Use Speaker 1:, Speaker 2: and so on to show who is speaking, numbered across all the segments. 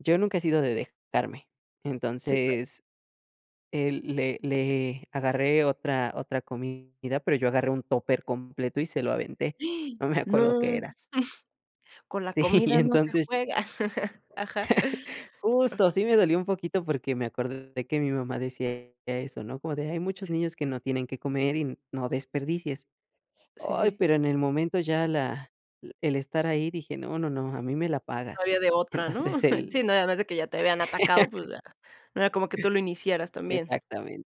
Speaker 1: Yo nunca he sido de dejarme.
Speaker 2: Sí, claro.
Speaker 1: Entonces. El le le agarré otra otra comida, pero yo agarré un tupper completo y se lo aventé. No me
Speaker 2: No.
Speaker 1: acuerdo qué era.
Speaker 2: Con la
Speaker 1: Sí, y
Speaker 2: comida, no se
Speaker 1: entonces
Speaker 2: juega. Ajá.
Speaker 1: Justo, sí me dolió un poquito porque me acordé que mi mamá decía eso, ¿no? Como de: "Hay muchos
Speaker 2: Sí.
Speaker 1: niños que no tienen qué comer y no desperdicies".
Speaker 2: Sí,
Speaker 1: Ay,
Speaker 2: sí.
Speaker 1: pero en el momento ya la el estar ahí dije: "No, no, no, a mí me la
Speaker 2: No
Speaker 1: pagas".
Speaker 2: había de otra, ¿no?
Speaker 1: Entonces
Speaker 2: Sí,
Speaker 1: el
Speaker 2: no, además de que ya te habían atacado, pues ya, no era como que tú lo iniciaras también.
Speaker 1: Exactamente.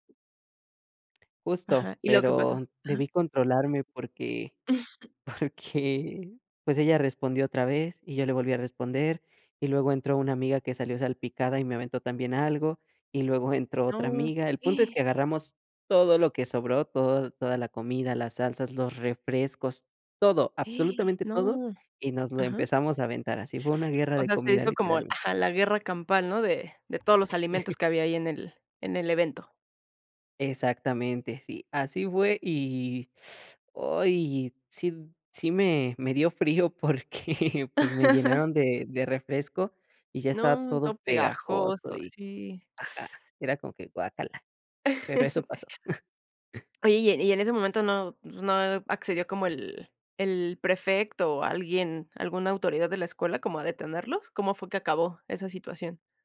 Speaker 1: Justo,
Speaker 2: Ajá, ¿y luego que
Speaker 1: pero
Speaker 2: pasa? Ajá.
Speaker 1: debí controlarme porque porque, pues, ella respondió otra vez y yo le volví a responder y luego entró una amiga que salió salpicada y me aventó también algo y luego entró otra
Speaker 2: No.
Speaker 1: amiga. El punto es que agarramos todo lo que sobró, todo, toda la comida, las salsas, los refrescos, todo, absolutamente todo
Speaker 2: No.
Speaker 1: y nos lo
Speaker 2: Ajá.
Speaker 1: empezamos a aventar. Así, fue una guerra
Speaker 2: O
Speaker 1: de
Speaker 2: sea, se
Speaker 1: comida
Speaker 2: hizo como el
Speaker 1: literalmente.
Speaker 2: ajá, la guerra campal, ¿no? De de todos los alimentos que había ahí en el en el evento.
Speaker 1: Exactamente, sí, así fue y Ay, y sí sí me me dio frío porque pues, me llenaron de de refresco y ya estaba
Speaker 2: No,
Speaker 1: todo
Speaker 2: todo
Speaker 1: pegajoso
Speaker 2: pegajoso,
Speaker 1: y
Speaker 2: así.
Speaker 1: ajá, era como que guácala. Pero eso pasó.
Speaker 2: Oye, y en y en ese momento no, pues, ¿no accedió como el el prefecto o alguien, alguna autoridad de la escuela como a detenerlos? ¿Cómo fue que acabó esa situación?